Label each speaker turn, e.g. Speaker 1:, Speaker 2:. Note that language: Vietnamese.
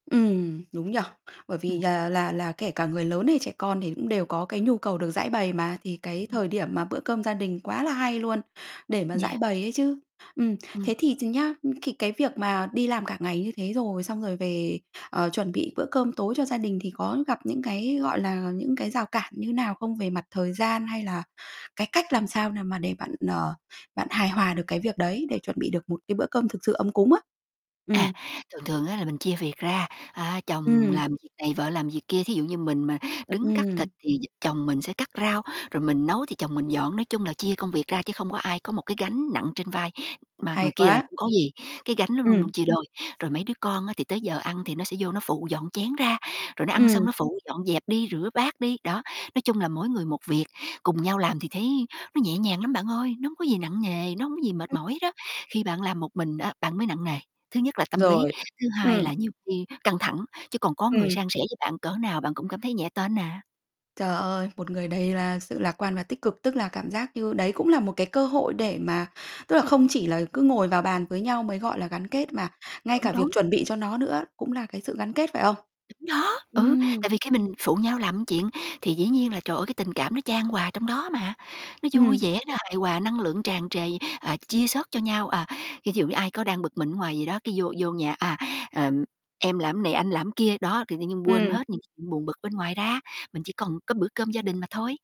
Speaker 1: Ừm, đúng nhỉ. Bởi vì
Speaker 2: Ừm.
Speaker 1: là là là kể cả người lớn hay trẻ con thì cũng đều có cái nhu cầu được giãi bày mà, thì cái
Speaker 2: Ừm,
Speaker 1: thời điểm
Speaker 2: ừm.
Speaker 1: mà bữa cơm gia đình quá là hay luôn để mà giãi
Speaker 2: Yeah.
Speaker 1: bày ấy chứ. Ừm,
Speaker 2: Ừm.
Speaker 1: thế thì ch nhá, thì cái việc mà đi làm cả ngày như thế rồi, xong rồi về, ờ, chuẩn bị bữa cơm tối cho gia đình thì có gặp những cái, gọi là, những cái rào cản như nào không? Về mặt thời gian hay là cái cách làm sao nào mà để bạn, ờ, bạn hài hòa được cái việc đấy, để chuẩn bị được một cái bữa cơm thực sự ấm cúng á.
Speaker 2: À,
Speaker 1: Ừm.
Speaker 2: thường thường á, là mình chia việc ra, a, chồng
Speaker 1: Ừm.
Speaker 2: làm việc này vợ làm việc kia, thí dụ như mình mà đứng cắt thịt
Speaker 1: Ừm.
Speaker 2: thì d chồng mình sẽ cắt rau, rồi mình nấu thì chồng mình dọn. Nói chung là chia công việc ra chứ không có ai có một cái gánh nặng trên vai, mà
Speaker 1: Hay
Speaker 2: người kia lại
Speaker 1: quá.
Speaker 2: không có gì, cái gánh nó luôn
Speaker 1: Ừm.
Speaker 2: luôn chia đôi. Rồi, mấy đứa con á, thì tới giờ ăn thì nó sẽ vô nó phụ dọn chén ra rồi nó ăn xong
Speaker 1: Ừm.
Speaker 2: nó phụ dọn dẹp đi, rửa bát đi, đó, nói chung là mỗi người một việc, cùng nhau làm thì thấy nó nhẹ nhàng lắm bạn ơi, nó hông có gì nặng nề, nó hông có gì mệt
Speaker 1: Ừm.
Speaker 2: mỏi hết á. Khi bạn làm một mình á, bạn mới nặng nề, thứ nhất là tâm lý,
Speaker 1: Rồi,
Speaker 2: thứ hai
Speaker 1: ừm.
Speaker 2: là nhiều khi căng thẳng, chứ còn có người
Speaker 1: Ừm.
Speaker 2: san sẻ với bạn cỡ nào bạn cũng cảm thấy nhẹ tênh à.
Speaker 1: Trời ơi, một người đầy là sự lạc quan và tích cực, tức là cảm giác như đấy cũng là một cái cơ hội để mà tức là không chỉ là cứ ngồi vào bàn với nhau mới gọi là gắn
Speaker 2: Ừm hứm.
Speaker 1: kết, mà ngay
Speaker 2: Đúng,
Speaker 1: cả
Speaker 2: đúng.
Speaker 1: việc chuẩn bị cho nó nữa cũng là cái sự gắn kết, phải không?
Speaker 2: Đúng đó, ừ,
Speaker 1: Ừm.
Speaker 2: tại vì khi mình phụ nhau làm chuyện thì dĩ nhiên là trời ơi cái tình cảm nó chan hòa trong đó mà, nó vui
Speaker 1: Ừm.
Speaker 2: vẻ nó hài hòa năng lượng tràn trề, à, chia sớt cho nhau, à, ví dụ như ai có đang bực mình ở ngoài gì đó, cái vô vô nhà, à, ờ, em làm này, anh làm kia. Đó, thì tự nhiên quên
Speaker 1: Ừm.
Speaker 2: hết những chuyện buồn bực bên ngoài ra, mình chỉ còn có bữa cơm gia đình mà thôi.